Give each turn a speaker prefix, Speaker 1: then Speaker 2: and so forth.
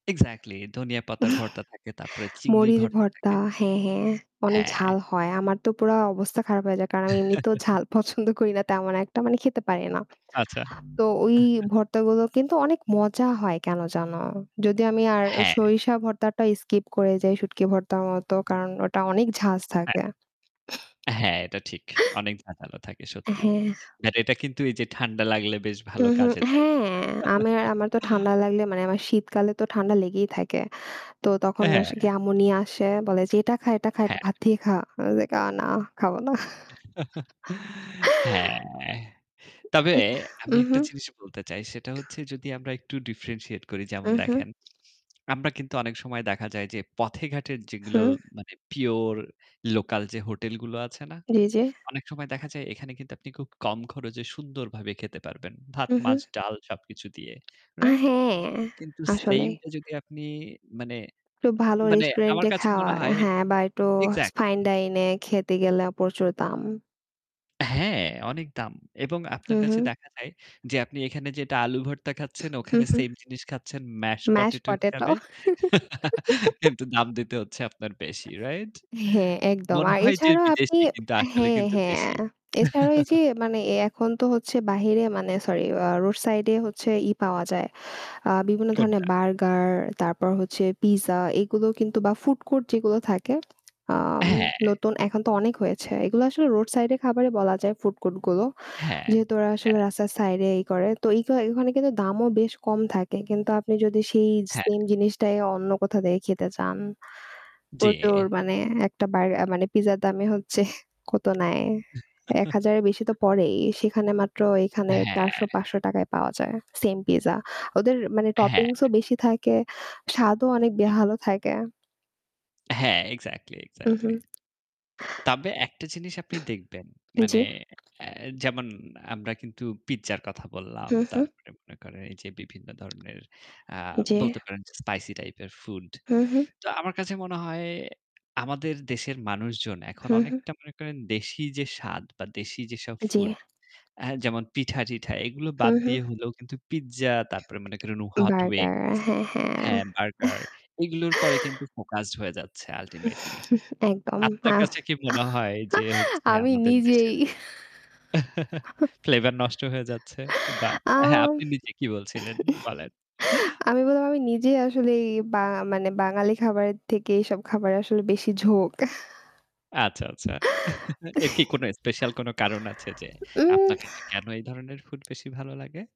Speaker 1: Exactly ধনিয়া পাতার ভর্তা থাকে। তারপরে চিংড়ি
Speaker 2: মুড়ির
Speaker 1: ভর্তা
Speaker 2: ভর্তা
Speaker 1: থাকে।
Speaker 2: হ্যাঁ, হ্যাঁ, অনেক
Speaker 1: হ্যাঁ।
Speaker 2: ঝাল হয়। আমার তো পুরা অবস্থা খারাপ হয়ে যায় কারণ আমি এমনিতেও ঝাল পছন্দ করি না তেমন একটা মানে খেতে পারি না।
Speaker 1: আচ্ছা।
Speaker 2: তো ওই ভর্তাগুলো কিন্তু অনেক মজা হয় কেন যেন, যদি আমি আর
Speaker 1: হ্যাঁ।
Speaker 2: সরিষা ভর্তাটা skip করে যাই শুটকি ভর্তার মতো।
Speaker 1: হু।
Speaker 2: কারণ ওটা অনেক ঝাঁজ
Speaker 1: হ্যাঁ।
Speaker 2: থাকে।
Speaker 1: হ্যাঁ, এটা ঠিক। অনেক ঝাঁঝালো থাকে
Speaker 2: অ্যা
Speaker 1: সত্যি।
Speaker 2: হ্যাঁ।
Speaker 1: বাট এটা কিন্তু এই যে ঠাণ্ডা লাগলে বেশ
Speaker 2: হু,
Speaker 1: ভালো
Speaker 2: হু,
Speaker 1: কাজে দেয়।
Speaker 2: হ্যাঁ, আমি, আমার তো ঠান্ডা লাগলে, মানে আমার শীতকালে তো ঠান্ডা লেগেই থাকে। তো তখন আস
Speaker 1: হ্যাঁ।
Speaker 2: গে আম্মু নিয়ে আসে। বলে যে "এটা খা, এটা খা। [unintelligible] এটা
Speaker 1: হ্যাঁ।
Speaker 2: ভাত দিয়ে খা।" i was like, oh no. "না খাবো না।"
Speaker 1: হ্যাঁ। তবে
Speaker 2: এতা
Speaker 1: আমি
Speaker 2: উহু।
Speaker 1: একটা জিনিস বলতে চাই সেটা হচ্ছে যদি আমরা একটু differentiate করি। যেমন
Speaker 2: উহু।
Speaker 1: দেখেন, আমরা কিন্তু অনেক সময় দেখা যায় যে পথে-ঘাটের
Speaker 2: হু।
Speaker 1: যেগুলো মানে pure লোকাল যে হোটেলগুলো আছে না?
Speaker 2: জি, জি।
Speaker 1: অনেক সময় দেখা যায় এখানে কিন্তু আপনি খুব কম খরচে সুন্দর ভাবে খেতে পারবেন। ভাত,
Speaker 2: হু,
Speaker 1: মাছ,
Speaker 2: হু।
Speaker 1: ডাল সবকিছু দিয়ে।
Speaker 2: আ
Speaker 1: রাইট?
Speaker 2: হ্যাঁ।
Speaker 1: কিন্তু
Speaker 2: আসলেই।
Speaker 1: সেইমটা যদি আপনি মানে,
Speaker 2: একটু ভালো
Speaker 1: মানে আমার
Speaker 2: রেস্টুরেন্টে
Speaker 1: কাছে
Speaker 2: খাওয়া
Speaker 1: মনে হয়
Speaker 2: হ্যাঁ বা একটু fine
Speaker 1: এক্সাক্টলি।
Speaker 2: dine এ খেতে গেলে প্রচুর দাম।
Speaker 1: হ্যাঁ, অনেক দাম। এবং
Speaker 2: হু,
Speaker 1: আপনার কাছে
Speaker 2: হু।
Speaker 1: দেখা যায় যে আপনি এখানে যেটা আলু ভর্তা খাচ্ছেন
Speaker 2: হু,
Speaker 1: ওখানে
Speaker 2: হু
Speaker 1: সেইম জিনিস খাচ্ছেন mash
Speaker 2: Mash
Speaker 1: potato
Speaker 2: potato
Speaker 1: হিসাবে। কিন্তু দাম দিতে হচ্ছে আপনার বেশি। রাইট?
Speaker 2: হ্যাঁ, একদম।
Speaker 1: মনে
Speaker 2: আর
Speaker 1: হয় যে
Speaker 2: এছাড়াও আপনি
Speaker 1: বিদেশী কিন্তু আসলে
Speaker 2: হ্যাঁ,
Speaker 1: কিন্তু
Speaker 2: হ্যাঁ।
Speaker 1: দেশী।
Speaker 2: আ এছাড়াও এই যে মানে এ এখন তো হচ্ছে বাহিরে, মানে সরি আ রোড সাইডে হচ্ছে ই পাওয়া যায়। আ বিভিন্ন ধরনের
Speaker 1: কোনটা?
Speaker 2: বার্গার, তারপর হচ্ছে পিজ্জা। এগুলো কিন্তু বা ফুড কোর্ট যেগুলো থাকে আম
Speaker 1: হ্যাঁ।
Speaker 2: নতুন, এখন তো অনেক হয়েছে। এগুলো আসলে রোড সাইডে খাবারে বলা যায় ফুড কোর্টগুলো।
Speaker 1: হ্যাঁ,
Speaker 2: যেহেতু ওরা আসলে
Speaker 1: হ্যাঁ।
Speaker 2: রাস্তার সাইডে ই করে। তো ওখানে কিন্তু দামও বেশ কম থাকে। কিন্তু আপনি যদি সেই
Speaker 1: হ্যাঁ।
Speaker 2: সেইম জিনিসটাই অন্য কোথাও থেকে খেতে চান প্রচুর
Speaker 1: জ্বি।
Speaker 2: মানে একটা বার, মানে পিজ্জার দামে হচ্ছে কত নেয়? ৳১,০০০ এর বেশি তো পড়েই। সেখানে মাত্র এইখানে
Speaker 1: হ্যাঁ।
Speaker 2: ৳৪০০-৳৫০০ য় পাওয়া যায় সেইম পিজ্জা। ওদের মানে
Speaker 1: হ্যাঁ।
Speaker 2: toppings ও বেশি থাকে, স্বাদও অনেক
Speaker 1: উ
Speaker 2: ভালো থাকে।
Speaker 1: হ্যাঁ, এক্সাক্টলি, এক্সাক্টলি।
Speaker 2: উহুম।
Speaker 1: তবে একটা জিনিস আপনি দেখবেন, মানে
Speaker 2: জ্বী।
Speaker 1: এ যেমন আমরা কিন্তু পিজ্জার কথা বললাম।
Speaker 2: হু, হু।
Speaker 1: তারপরে মনে করেন এই যে বিভিন্ন ধরনের আ
Speaker 2: জি।
Speaker 1: বলতে পারেন যে spicy টাইপের ফুড।
Speaker 2: হু, হু।
Speaker 1: তো আমার কাছে মনে হয় আমাদের দেশের মানুষজন এখন
Speaker 2: হু, হু।
Speaker 1: অনেকটা মনে করেন দেশি যে স্বাদ বা দেশি যেসব
Speaker 2: জ্বী।
Speaker 1: ফুড হা যেমন পিঠা-টিঠা এগুলো
Speaker 2: হু,
Speaker 1: বাদ
Speaker 2: হু।
Speaker 1: দিয়ে হলেও কিন্তু পিজ্জা তারপরে মনে করেন hot wings
Speaker 2: বার্গার, হ্যাঁ, হ্যাঁ। আহ
Speaker 1: হ্যাঁ, বার্গার এগুলোর পরে কিন্তু focused হয়ে যাচ্ছে ultimately
Speaker 2: একদম। আ
Speaker 1: আত্মার কাছে কি মনে হয় যে হচ্ছে
Speaker 2: আমি
Speaker 1: আমাদের
Speaker 2: নিজেই।
Speaker 1: দেশের flavor নষ্ট হয়ে যাচ্ছে। বা হ্যাঁ
Speaker 2: আম
Speaker 1: আপনি নিজে কি বলছিলেন? বলেন।
Speaker 2: আমি বললাম আমি নিজে আসলে এই বা মানে বাঙালি খাবারের থেকে এইসব খাবারে আসলে বেশি ঝোঁক।
Speaker 1: আচ্ছা, আচ্ছা। এর কি কোন স্পেশাল কোনো কারণ আছে যে
Speaker 2: উম
Speaker 1: আপনার কাছে কেন এই ধরনের ফুড বেশি ভালো লাগে?